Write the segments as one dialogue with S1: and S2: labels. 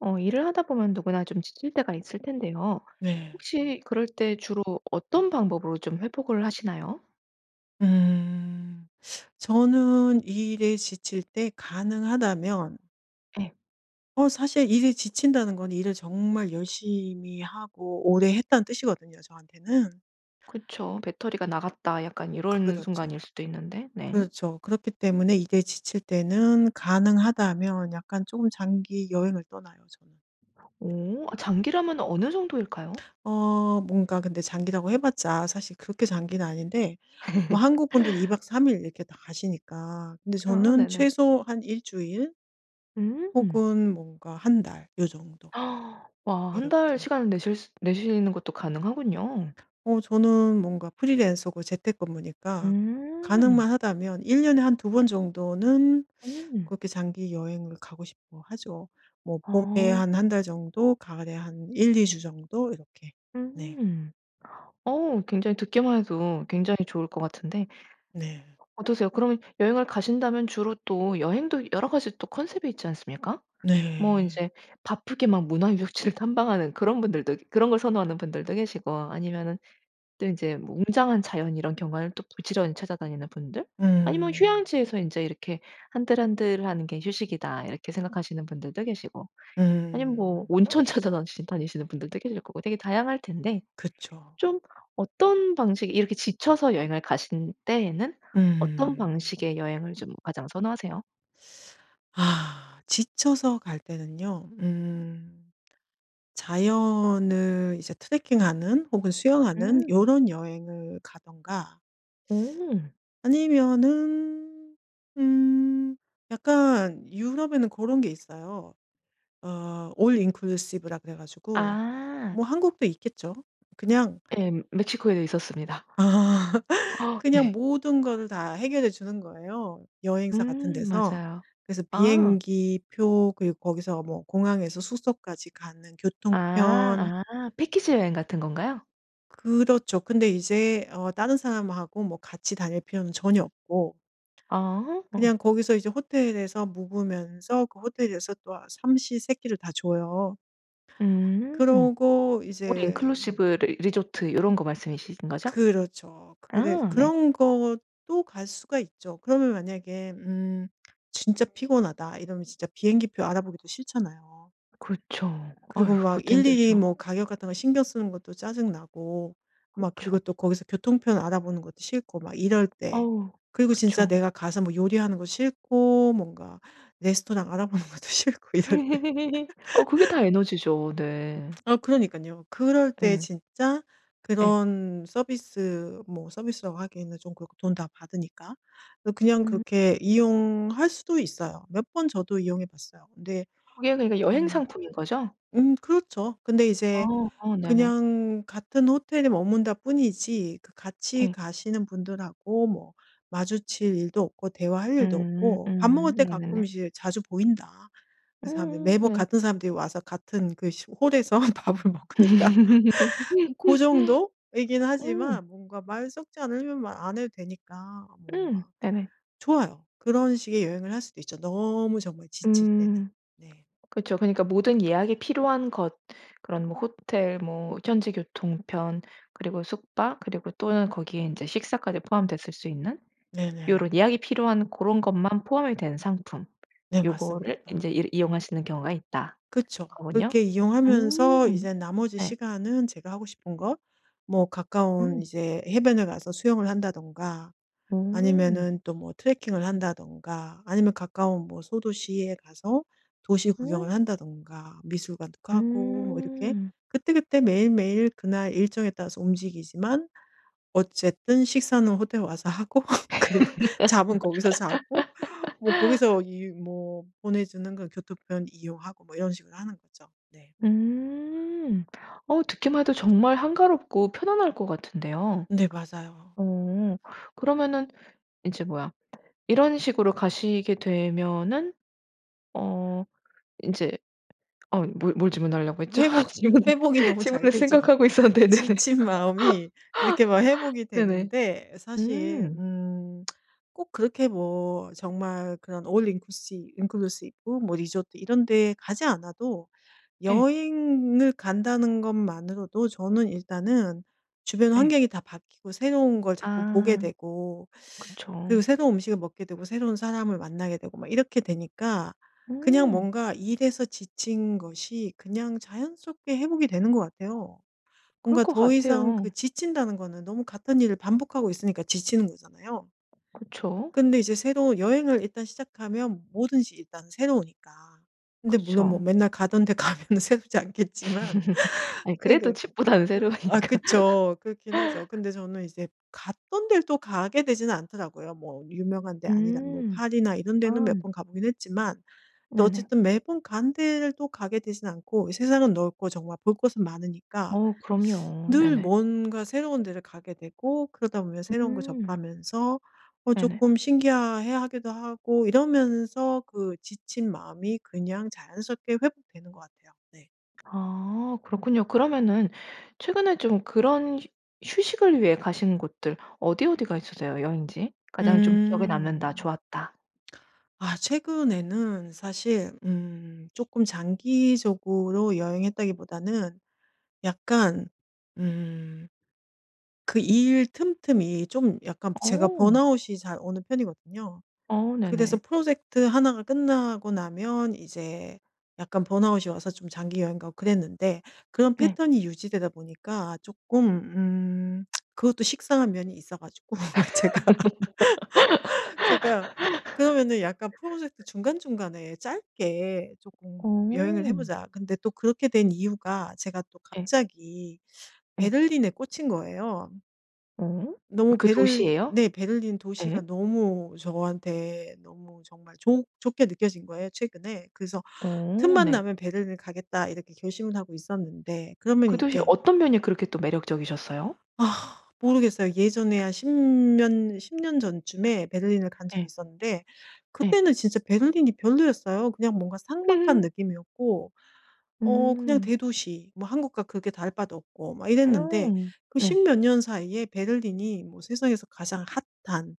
S1: 어 일을 하다 보면 누구나 좀 지칠 때가 있을 텐데요.
S2: 네.
S1: 혹시 그럴 때 주로 어떤 방법으로 좀 회복을 하시나요?
S2: 음. 저는 이 일에 지칠 때 가능하다면
S1: 예.
S2: 어 사실 일이 지친다는 건 일을 정말 열심히 하고 오래 했다는 뜻이거든요 저한테는.
S1: 그쵸. '배터리가 나갔다.' 약간 요런
S2: 그렇죠.
S1: 순간일 수도 있는데. 네.
S2: 그렇죠. 그렇기 때문에 이게 지칠 때는 가능하다면 약간 쪼금 장기 여행을 떠나요 저는.
S1: 오. 아 장기라면 어느 정도일까요?
S2: 어 뭔가 근데 장기라고 해 봤자 사실 그렇게 장기는 아닌데 뭐 한국 분들은 2 박 3 일 이렇게 다 가시니까. 근데
S1: 아.
S2: 저는
S1: 네네.
S2: 최소 한 1 주일
S1: 음.
S2: 혹은 뭔가 1 달 요 정도.
S1: 와. 1 달
S2: 이렇게
S1: 시간을 내실 스 내시는 것도 가능하군요.
S2: 어 저는 뭔가 프리랜서고 재택근무니까
S1: 음.
S2: 가능만 하다면 1 년에 한 2 번 정도는
S1: 음.
S2: 그렇게 장기 여행을 가고 싶어 하죠. 뭐 봄에
S1: 어.
S2: 한 1 달 정도 가을에 한 1-2 주 정도 이렇게. 네.
S1: 음. 어. 굉장히 듣기만 해도 굉장히 좋을 것 같은데
S2: 네.
S1: 어떠세요? 그러면 여행을 가신다면 주로 또 여행도 여러 가지 또 컨셉이 있지 않습니까? 뭐
S2: 네.
S1: 인제 바쁘게 막 문화 유적지를 탐방하는 그런 분들도 그런 걸 선호하는 분들도 계시고 아니면은 또 인제 뭐 웅장한 자연 이런 경관을 또 부지런히 찾아다니는 분들 아니면
S2: 음.
S1: 휴양지에서 인제 이렇게 '한들한들하는 게 휴식이다.' 이렇게 생각하시는 분들도 계시고 아니면 뭐
S2: 음.
S1: 온천 찾아다니시 다니시는 분들도 계실 거고 되게 다양할 텐데
S2: 그쵸.
S1: 좀 어떤 방식이 이렇게 지쳐서 여행을 가신 때에는 어떤
S2: 음.
S1: 방식의 여행을 좀 가장 선호하세요?
S2: 아. 지쳐서 갈 때는요. 음. 자연을 이제 트레킹하는 혹은 수영하는
S1: 음.
S2: 요런 여행을 가든가
S1: 오.
S2: 아니면은 음. 약간 유럽에는 고런 게 있어요. 어 올인클루시브라고 그래 가지고.
S1: 아.
S2: 뭐 한국도 있겠죠. 그냥
S1: 옘. 멕시코에 있었습니다. 아.
S2: 그냥
S1: 네.
S2: 모든 거를 다 해결해 주는 거예요 여행사 같은
S1: 음.
S2: 데서.
S1: 맞아요.
S2: 그래서
S1: 아.
S2: 비행기 표 그리고 거기서 뭐 공항에서 숙소까지 가는 교통편
S1: 아. 아. 패키지 여행 같은 건가요?
S2: 그렇죠. 근데 이제 어 다른 사람하고 뭐 같이 다닐 필요는 전혀 없고
S1: 아. 아.
S2: 그냥 거기서 이제 호텔에서 묵으면서 그 호텔에서 또 아 삼시 세끼를 다 줘요.
S1: 음. 음.
S2: 그러고 이제
S1: 올인클루시브 리 리조트 요런 거 말씀이신 거죠?
S2: 그렇죠. 그래
S1: 아 네.
S2: 그런 것도 갈 수가 있죠. 그러면 만약에 음 진짜 피곤하다 이러면 진짜 비행기 표 알아보기도 싫잖아요.
S1: 그쵸. 아휴
S2: 그리고 막
S1: 그것도
S2: 일일이
S1: 힘들죠.
S2: 뭐 가격 같은 거 신경 쓰는 것도 짜증 나고 막
S1: 그쵸.
S2: 그리고 또 거기서 교통편 알아보는 것도 싫고 막 이럴 때
S1: 어우.
S2: 그리고 진짜
S1: 그쵸.
S2: 내가 가서 뭐 요리하는 거 싫고 뭔가 레스토랑 알아보는 것도 싫고 이럴 때.
S1: 아 그게 다 에너지죠. 네.
S2: 아 그러니깐요. 그럴 때
S1: 예.
S2: 진짜
S1: 예.
S2: 그런 서비스 뭐 서비스라고 하기에는 좀 그렇고 돈 다 받으니까 그냥
S1: 음.
S2: 그렇게 이용할 수도 있어요. 몇 번 저도 이용해 봤어요. 근데
S1: 그게 그러니까 여행
S2: 음.
S1: 상품인 거죠?
S2: 음 그렇죠. 근데
S1: 아.
S2: 이제
S1: 아 네네.
S2: 그냥 같은 호텔에 머문다 뿐이지 그 같이
S1: 예.
S2: 가시는 분들하고 뭐 마주칠 일도 없고 대화할 일도
S1: 음.
S2: 없고 밥 먹을
S1: 음.
S2: 때 가끔
S1: 네네네.
S2: 이제 자주 보인다. 그래서 사람들이
S1: 음.
S2: 매번
S1: 네.
S2: 같은 사람들이 와서 같은 그 시 홀에서 밥을 먹으니까. 고 정도이긴
S1: 음.
S2: 하지만 뭔가 말 섞지 않으면 말 안 해도 되니까
S1: 음.
S2: 뭔가
S1: 네네.
S2: 좋아요. 그런 식의 여행을 할 수도 있죠 너무 정말 지칠 때는.
S1: 음.
S2: 네.
S1: 그쵸. 그러니까 '모든 예약이 필요한 것 그런 뭐 호텔 뭐 현지 교통편 그리고 숙박 그리고 또는 거기에 인제 식사까지 포함됐을 수 있는
S2: 네네.
S1: 요런 예약이 필요한 고런 것만 포함이 된 상품.
S2: 네.
S1: 요거를
S2: 맞습니다.
S1: 인제 이 이용할 수 있는 경우가 있다.'
S2: 그쵸.
S1: 거군요.
S2: 그렇게 이용하면서
S1: 음
S2: 이제 나머지
S1: 네.
S2: 시간은 제가 하고 싶은 거 뭐 가까운
S1: 음.
S2: 이제 해변을 가서 수영을 한다든가
S1: 오.
S2: 아니면은 또 뭐 트레킹을 한다든가 아니면 가까운 뭐 소도시에 가서 도시
S1: 음.
S2: 구경을 한다든가 미술관도 가고 뭐 이렇게
S1: 음.
S2: 그때그때 매일매일 그날 일정에 따라서 움직이지만 어쨌든 식사는 호텔 와서 하고 그리고 잠은 거기서 자고 뭐 거기서 이 뭐 보내주는 그 교통편 이용하고 뭐 이런 식으로 하는 거죠. 네.
S1: 음. 어 듣기만 해도 정말 한가롭고 편안할 것 같은데요.
S2: 네. 맞아요.
S1: 어 그러면은 인제 뭐야 이런 식으로 가시게 되면은 어 인제 어 뭐 뭘 질문하려고 했죠?
S2: 회복이
S1: 질문
S2: 회복이 너무 잘
S1: 질문을
S2: 되죠.
S1: 생각하고 있었는데. 네네.
S2: 지친 마음이 이렇게 막 회복이
S1: 네네.
S2: 되는데 사실
S1: 음.
S2: 음. 꼭 그렇게 뭐 정말 그런 올인클루시 인클루시브 뭐 리조트 이런 데 가지 않아도
S1: 예.
S2: 여행을 간다는 것만으로도 저는 일단은 주변
S1: 예.
S2: 환경이 다 바뀌고 새로운 걸 자꾸 보게
S1: 아.
S2: 되고 그리고
S1: 그쵸.
S2: 새로운 음식을 먹게 되고 새로운 사람을 만나게 되고 막 이렇게 되니까 그냥
S1: 음.
S2: 뭔가 일에서 지친 것이 그냥 자연스럽게 회복이 되는 것 같아요.
S1: 그럴
S2: 뭔가
S1: 것
S2: 더 이상
S1: 같아요.
S2: 그 지친다는 거는 너무 같은 일을 반복하고 있으니까 지치는 거잖아요.
S1: 그쵸.
S2: 근데 이제 새로운 여행을 일단 시작하면 뭐든지 일단 새로우니까. 근데 물론 뭐
S1: 그쵸.
S2: 맨날 가던 데 가면은 새롭지 않겠지만
S1: 아이 그래도
S2: 그래도
S1: 집보다는
S2: 그
S1: 새로우니까.
S2: 아 그쵸. 그렇긴 하죠. 근데 저는 이제 갔던 데를 또 가게는 되지 않더라고요. 뭐 유명한 데 아니라 뭐
S1: 음.
S2: 파리나 이런
S1: 아.
S2: 데는 몇 번 가 보긴 했지만 또
S1: 네네.
S2: 어쨌든 매번 간 데도 가게 되지는 않고 세상은 넓고 정말 볼 곳은 많으니까.
S1: 어. 그럼요.
S2: 늘
S1: 네네.
S2: 뭔가 새로운 데를 가게 되고 그러다 보면 새로운 거
S1: 음.
S2: 접하면서 어
S1: 네네.
S2: 쪼끔 신기하 해하기도 하고 이러면서 그 지친 마음이 그냥 자연스럽게 회복되는 것 같아요. 네.
S1: 아. 그렇군요. 그러면은 최근에 좀 그런 휴 휴식을 위해 가시는 곳들 어디 어디가 있으세요 여행지? 가장 좀 기억에 남는다.
S2: 음.
S1: 좋았다.
S2: 아. 최근에는 사실 음 쪼끔 장기적으로 여행했다기보다는 약간 음. 그 일 틈틈이 좀 약간 제가
S1: 어.
S2: 번아웃이 잘 오는 편이거든요.
S1: 어.
S2: 그래서
S1: 네네.
S2: 프로젝트 1 가 끝나고 나면 이제 약간 번아웃이 와서 좀 장기 여행 가고 그랬는데 그런
S1: 네.
S2: 패턴이 유지되다 보니까 쪼끔 음. 그것도 식상한 면이 있어 가지고 제가 제가 그러면은 약간 '프로젝트 중간중간에 짧게 쪼끔 여행을 해
S1: 어.
S2: 보자.' 근데 또 그렇게 된 이유가 제가 또
S1: 예.
S2: 갑자기
S1: 예.
S2: 베를린에 꽂힌 거예요.
S1: 어
S2: 너무
S1: 그
S2: 베를리
S1: 도시에요?
S2: 네 베를린
S1: 예.
S2: 도시가 너무 저한테 너무 정말 좋 좋게 느껴진 거예요 최근에. 그래서
S1: 어.
S2: '틈만
S1: 네.
S2: 나면 베를린 가겠다.' 이렇게 결심을 하고 있었는데. 그러면
S1: 그 도시
S2: 이렇게
S1: 어떤 면이 그렇게 또 매력적이셨어요?
S2: 아 모르겠어요. 예전에 한 10 년, 10 년 전쯤에 베를린을 간 적이
S1: 예.
S2: 있었는데
S1: 예.
S2: 그때는 진짜 베를린이 별로였어요. 그냥 뭔가 삭막한
S1: 흐흠.
S2: 느낌이었고 어 그냥
S1: 음.
S2: 대도시 뭐 한국과 그렇게 다를 바도 없고 막 이랬는데
S1: 아.
S2: 그
S1: 네.
S2: 10 몇 년 사이에 베를린이 뭐 세상에서 가장 핫한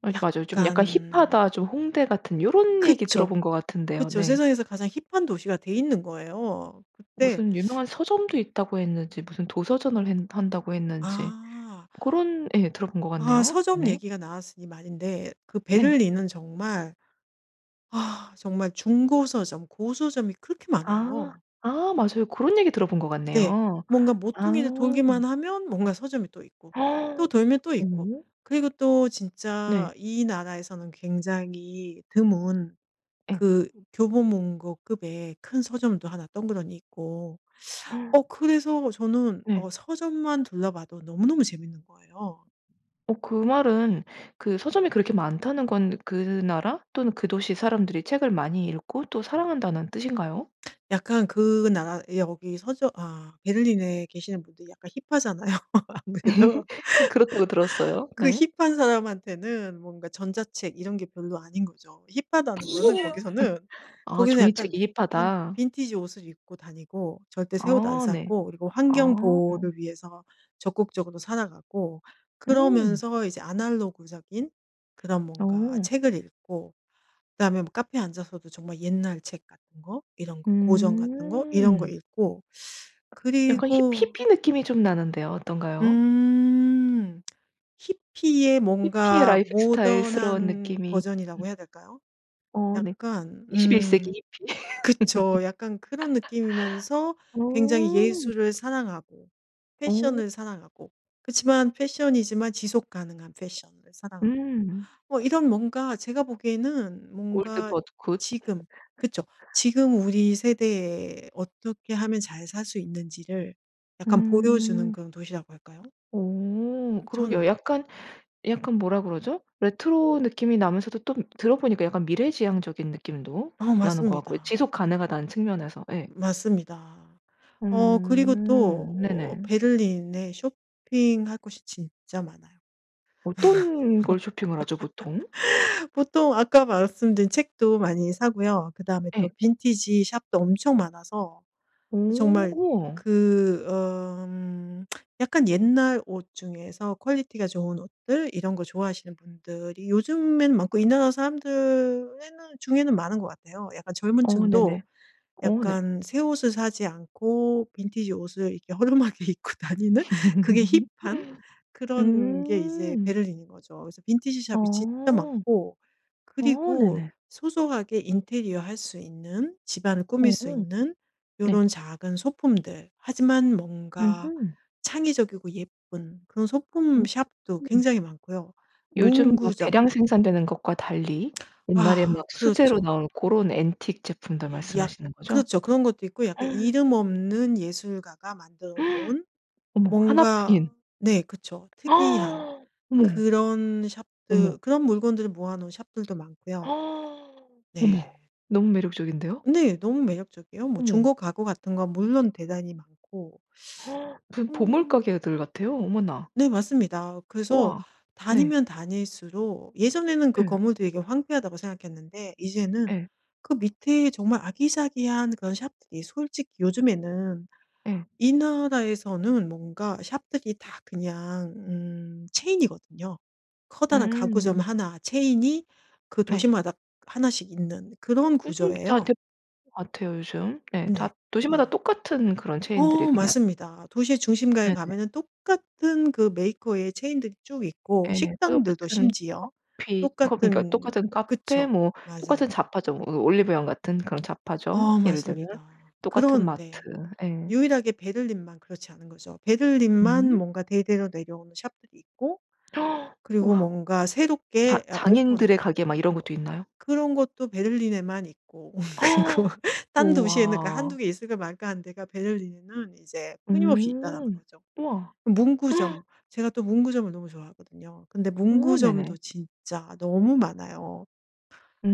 S1: 맞 맞아요.
S2: 약간
S1: 좀 "약간 힙하다. 좀 홍대 같은" 요런 얘기
S2: 그쵸,
S1: 들어본 것 같은데요.
S2: 그쵸.
S1: 네.
S2: 세상에서 가장 힙한 도시가 돼 있는 거예요. 그때
S1: 무슨 "유명한 서점도 있다."고 했는지 무슨 "도서전을 했 한다."고 했는지
S2: 아.
S1: 고런 예. 들어본 것
S2: 아.
S1: 같네요.
S2: 서점
S1: 네.
S2: 얘기가 나왔으니 말인데 그
S1: 네.
S2: 베를린은 정말 아 정말 중고 서점, 고서점이 그렇게
S1: 아.
S2: 많아요.
S1: 아 맞아요. 고런 얘기 들어본 것
S2: 네.
S1: 같네요.
S2: 뭔가
S1: 아.
S2: 모퉁이를 돌기만 하면 뭔가 서점이 또 있고 또 돌면 또 있고.
S1: 어.
S2: 그리고 또
S1: 네.
S2: 진짜 이 나라에서는 굉장히 드문
S1: 예.
S2: 그 교보문고 급의 큰 서점도 1 덩그러니 있고. 어 그래서 저는
S1: 네.
S2: 어 서점만 둘러봐도 너무너무 재밌는 거예요.
S1: 어 그 말은 그 서점이 그렇게 많다는 건 '그 나라 또는 그 도시 사람들이 책을 많이 읽고 또 사랑한다.'는 뜻인가요?
S2: 약간 그 나라 예 여기 서주 아 베를린에 계시는 분들이 약간 힙하잖아요 아무래도.
S1: 예. 그렇다고 들었어요.
S2: 그
S1: 네.
S2: 힙한 사람한테는 뭔가 전자책 이런 게 별로 아닌 거죠. 힙하다는 거는 거기서는
S1: 아
S2: 거기는
S1: '종이책
S2: 약간 빈
S1: 힙하다.'
S2: 빈티지 옷을 입고 다니고 절대 새 옷 안
S1: 아. 네.
S2: 사고 그리고
S1: 아.
S2: 환경 보호를 위해서 적극적으로 살아가고
S1: 음.
S2: 그러면서 이제 아날로그적인 그런 뭔가
S1: 어.
S2: 책을 읽고 그다음에 뭐 카페에 앉아서도 정말 옛날 책 같은 거 이런 거 고전 같은 거 이런 거
S1: 음.
S2: 읽고.
S1: 약간 힙
S2: 그리고
S1: 히피 느낌이 좀 나는데요 어떤가요?
S2: 음 히피의
S1: 히피의
S2: 뭔가
S1: 라이프스타일스러운
S2: 모던한
S1: 느낌이. 음
S2: 버전이라고 해야 될까요?
S1: 어 네.
S2: 약간
S1: 21 세기
S2: 음
S1: 히피.
S2: 그쵸. 약간 그런 느낌이면서 굉장히
S1: 어.
S2: 예술을 사랑하고
S1: 어.
S2: 패션을 사랑하고. 그치만 패션이지만 지속 가능한 패션을 사랑하고.
S1: 음.
S2: 뭐 이런 뭔가 제가 보기에는
S1: old
S2: 뭔가
S1: but good.
S2: 지금 그쵸 지금 우리 세대에 어떻게 하면 잘 살 수 있는지를 약간 보여주는
S1: 음.
S2: 그런 도시라고 할까요?
S1: 오
S2: 으
S1: 그러게요.
S2: 저는
S1: 약간, 약간 뭐라 그러죠? 레트로 느낌이 나면서도 또 들어보니까 약간 미래지향적인 느낌도
S2: 어
S1: 나는 것 같고요.
S2: 맞습니다.
S1: 지속 가능하다는 측면에서. 예.
S2: 맞습니다. 어 그리고 또
S1: 음.
S2: 어
S1: 네네.
S2: 베를린에 쇼핑할 곳이 진짜 많아요.
S1: 어떤 걸 쇼핑을 하죠 보통?
S2: 보통 아까 말씀드린 책도 많이 사고요. 그다음에 또
S1: 예.
S2: 빈티지 shop도 엄청 많아서
S1: 오.
S2: 정말
S1: 우와.
S2: 그 어 음 약간 옛날 옷 중에서 퀄리티가 좋은 옷들 이런 거 좋아하시는 분들이 요즘에는 많고 이 나라 사람들에는 중에는 많은 것 같아요. 약간 젊은
S1: 어.
S2: 층도
S1: 네네. 어. 네.
S2: 약간 새 옷을 사지 않고 빈티지 옷을 이렇게 허름하게 입고 다니는 그게 힙한 그런 게 이제
S1: 음.
S2: 베를린인 거죠. 그래서 빈티지
S1: 어.
S2: shop이 진짜 많고
S1: 어.
S2: 그리고
S1: 네네.
S2: 소소하게 인테리어 할 수 있는 집 안을 꾸밀
S1: 어.
S2: 수 있는
S1: 네.
S2: 요런 작은 소품들. 하지만 뭔가
S1: 으흠.
S2: 창의적이고 예쁜 그런 소품
S1: 음.
S2: shop도
S1: 응.
S2: 굉장히 많고요.
S1: 요즘 막
S2: 문구점
S1: 대량 생산되는 것과 달리 옛날에 막
S2: 아.
S1: 수제로
S2: 그렇죠.
S1: 나온 고런 앤틱 제품들
S2: 약
S1: 말씀하시는 거죠?
S2: 그렇죠. 그런 것도 있고 약간 이름 없는 예술가가 만들어 놓은
S1: 어머 1
S2: 뭔가
S1: 뿐인.
S2: 네. 그렇죠. 특이한
S1: 어머.
S2: 그런
S1: 어머.
S2: shop들 그런 물건들을 모아 놓은 shop들도 많고요.
S1: 어머
S2: 네.
S1: 너무 매력적인데요.
S2: 네. 너무 매력적이에요. 뭐
S1: 어머.
S2: 중고 가구 같은 건 물론 대단히 많고.
S1: 무슨 보물
S2: 음
S1: 가게들 같아요? 어머나.
S2: 네. 맞습니다. 그래서
S1: 우와. 네.
S2: 다니면 다닐수록 예전에는 그
S1: 예.
S2: 건물도 되게 황폐하다고 생각했는데 이제는
S1: 예.
S2: 그 밑에 정말 아기자기한 그런 shop들이 솔직히 요즘에는
S1: 예.
S2: 이 나라에서는 뭔가 shop들이 다 그냥 음 체인이거든요. 커다란 가구점
S1: 음.
S2: 1 체인이 그
S1: 네.
S2: 도시마다 1 씩 있는 그런
S1: 요즘 다
S2: 구조예요.
S1: 대 같아요 요즘. 예.
S2: 네.
S1: 다 도시마다
S2: 네.
S1: 똑같은 그런 체인들이
S2: 어.
S1: 그냥
S2: 맞습니다. 도시의 중심가에
S1: 네네.
S2: 가면은 똑같은 그 메이커의 체인들이 쭉 있고
S1: 예. 다
S2: 식당들도
S1: 똑같은
S2: 심지어
S1: 커피, 컵 그러니까
S2: 똑같은
S1: 똑같은 카페
S2: 그쵸.
S1: 뭐 똑같은
S2: 맞아요.
S1: 잡화점 으 올리브영 같은 그런 잡화점,
S2: 어.
S1: 예를 들면.
S2: 맞습니다.
S1: 똑같은 마트.
S2: 그런데
S1: 예.
S2: 유일하게 베를린만 그렇지 않은 거죠. 베를린만
S1: 음.
S2: 뭔가 대대로 내려오는 shop들이 있고 그리고
S1: 우와.
S2: 뭔가
S1: 자
S2: 새롭게 어
S1: 장인들의
S2: 오픈한
S1: 가게 막 이런 것도 있나요?
S2: 그런 것도 베를린에만 있고 그리고 "딴 도시에는 그 1-2
S1: 우와.
S2: 개 있을까 말까 하는 데가 베를린에는 이제
S1: 오.
S2: 끊임없이 있다."라는 거죠.
S1: 우와.
S2: 문구점. 제가 또 문구점을 너무 좋아하거든요. 근데
S1: 어. 네네.
S2: 문구점도 진짜 너무 많아요.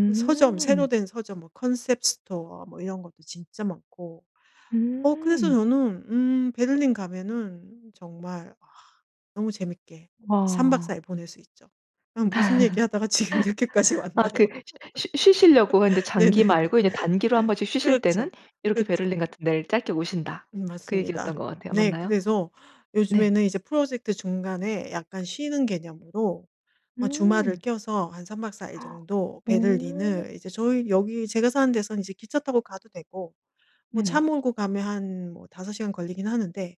S2: 그 서점 새로 된 서점 뭐 concept store 뭐 이런 것도 진짜 많고. 어 그래서
S1: 음.
S2: 저는 음 베를린 가면은 정말 아 너무 재밌게 3 박 4
S1: 아.
S2: 일 보낼 수 있죠. 아 무슨 얘기하다가 지금 이렇게까지
S1: 아
S2: 왔나요?
S1: 그 쉬 쉬 쉬시려고 했는데 장기
S2: 네네네.
S1: 말고 이제 단기로 한번씩 쉬실
S2: 그렇죠.
S1: 때는 "이렇게
S2: 그쵸.
S1: 베를린 같은 데를 짧게 오신다."
S2: 음.
S1: 그 얘기였던
S2: 맞습니다.
S1: 것 같아요.
S2: 네.
S1: 맞나요?
S2: 그래서
S1: 네.
S2: 요즘에는 이제 프로젝트 중간에 약간 쉬는 개념으로 어 주말을
S1: 음.
S2: 껴서 한 3 박 4 일 정도
S1: 어.
S2: 베를린을 이제 저희 여기 제가 사는 데선 이제 기차 타고 가도 되고 뭐 차
S1: 네네.
S2: 몰고 가면 한 뭐 5 시간 걸리긴 하는데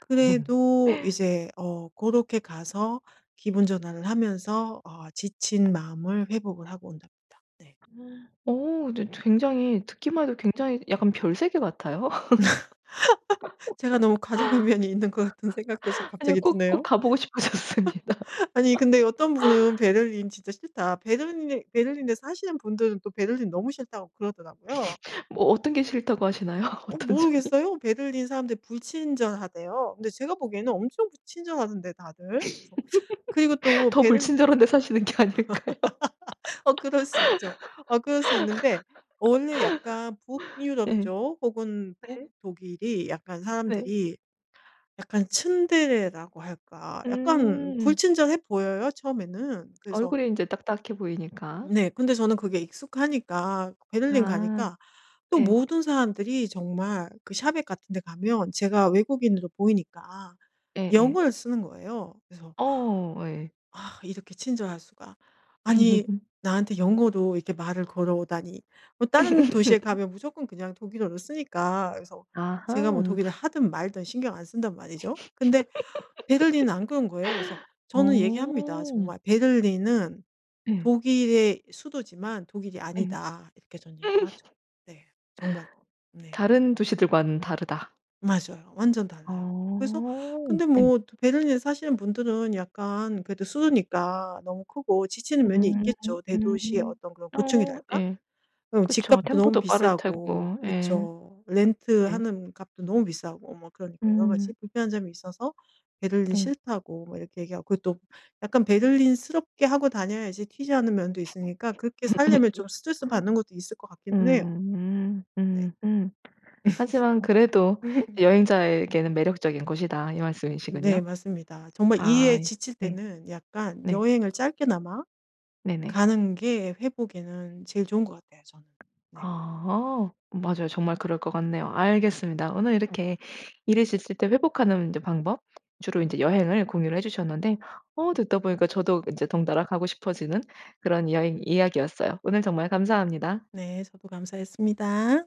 S2: 그래도 이제 어 고렇게 가서 기분 전환을 하면서 어 지친 마음을 회복을 하고 온답니다. 네.
S1: 어 근데 저 굉장히 듣기만 해도 굉장히 약간 별세계 같아요.
S2: 제가 너무 과장한 면이 있는 것 같은 생각도 삭
S1: 아니요
S2: 갑자기
S1: 꼭, 꼭
S2: 드네요.
S1: 가보고 싶어졌습니다.
S2: 아니 근데 어떤 분은 "베를린 진짜 싫다." 베를린에 베를린에서 사시는 분들은 또 "베를린 너무 싫다."고 그러더라고요.
S1: 뭐 어떤 게 싫다고 하시나요?
S2: 어
S1: 어떤 점이?
S2: 모르겠어요. 베를린 사람들이 불친절하대요. 근데 제가 보기에는 엄청 그 친절하던데 다들 그래서. 그리고 또
S1: 더
S2: 베를
S1: 불친절한 데 사시는 게 아닐까요?
S2: 어 그럴 수 있죠. 어 그럴 수 있는데 원래 약간
S1: 예.
S2: 북유럽 쪽 혹은
S1: 네.
S2: 북독일이 약간
S1: 네.
S2: 사람들이 약간 츤데레라고 할까. 약간
S1: 음.
S2: 불친절해 보여요, 처음에는. 그래서
S1: 얼굴이 인제 딱딱해 보이니까.
S2: 네. 근데 저는 그게 익숙하니까 베를린
S1: 아.
S2: 가니까 또
S1: 예.
S2: 모든 사람들이 정말 그 shop에 같은 데 가면 제가 외국인으로 보이니까
S1: 예예.
S2: 영어를 쓰는 거예요. 그래서
S1: 어어어. 예.
S2: '아 이렇게 친절할 수가. 아니 나한테 영어로 이렇게 말을 걸어오다니.' 뭐 다른 도시에 가면 무조건 그냥 독일어를 쓰니까. 그래서 제가 뭐
S1: 아하.
S2: 독일어를 하든 말든 신경 안 쓴단 말이죠. 근데 베를린은 안 그런 거예요. 그래서 저는
S1: 어.
S2: 얘기합니다. 정말 "베를린은
S1: 예.
S2: 독일의 수도지만 독일이
S1: 예.
S2: 아니다." 이렇게 전 얘기를 하죠. 네 정말. 네.
S1: 다른 도시들과는 다르다.
S2: 맞아요. 완전 달라요. 그래서
S1: 아.
S2: 근데
S1: 네.
S2: 뭐 또 베를린에 사시는 분들은 약간 그래도 수도니까 너무 크고 지치는 면이
S1: 음.
S2: 있겠죠. 대도시의
S1: 음.
S2: 어떤 그런
S1: 어.
S2: 고충이랄까?
S1: 예.
S2: 그럼
S1: 그쵸.
S2: 집값도 너무
S1: 템포도
S2: 비싸고.
S1: 빠를테고. 예.
S2: 그쵸.
S1: 네.
S2: 렌트하는 값도 너무 비싸고 뭐 그러니까 여러 가지
S1: 음.
S2: 불편한 점이 있어서 "베를린
S1: 네.
S2: 싫다."고 뭐 이렇게 얘기 하고 그리고 또 약간 베를린스럽게 하고 다녀야지 튀지 않은 면도 있으니까 그렇게 살려면 좀 스트레스 받는 것도 있을 것 같기는 해요.
S1: 음음.
S2: 네.
S1: 음. 음. 하지만 그래도 "여행자에게는 매력적인 곳이다." 이
S2: 네.
S1: 말씀이시군요.
S2: 맞습니다. 정말
S1: 아
S2: 일에
S1: 예.
S2: 지칠
S1: 네.
S2: 때는 약간
S1: 네.
S2: 여행을 짧게나마
S1: 네네.
S2: 가는 게 회복에는 제일 좋은 것 같아요, 저는.
S1: 아
S2: 네.
S1: 아. 맞아요. 정말 그럴 것 같네요. 알겠습니다. 오늘 이렇게 일이 지칠 때 회복하는 인제 방법 주로 인제 여행을 공유를 해 주셨는데 어 듣다 보니까 저도 인제 덩달아 가고 싶어지는 그런 이야 이야기였어요. 오늘 정말 감사합니다.
S2: 네. 저도 감사했습니다.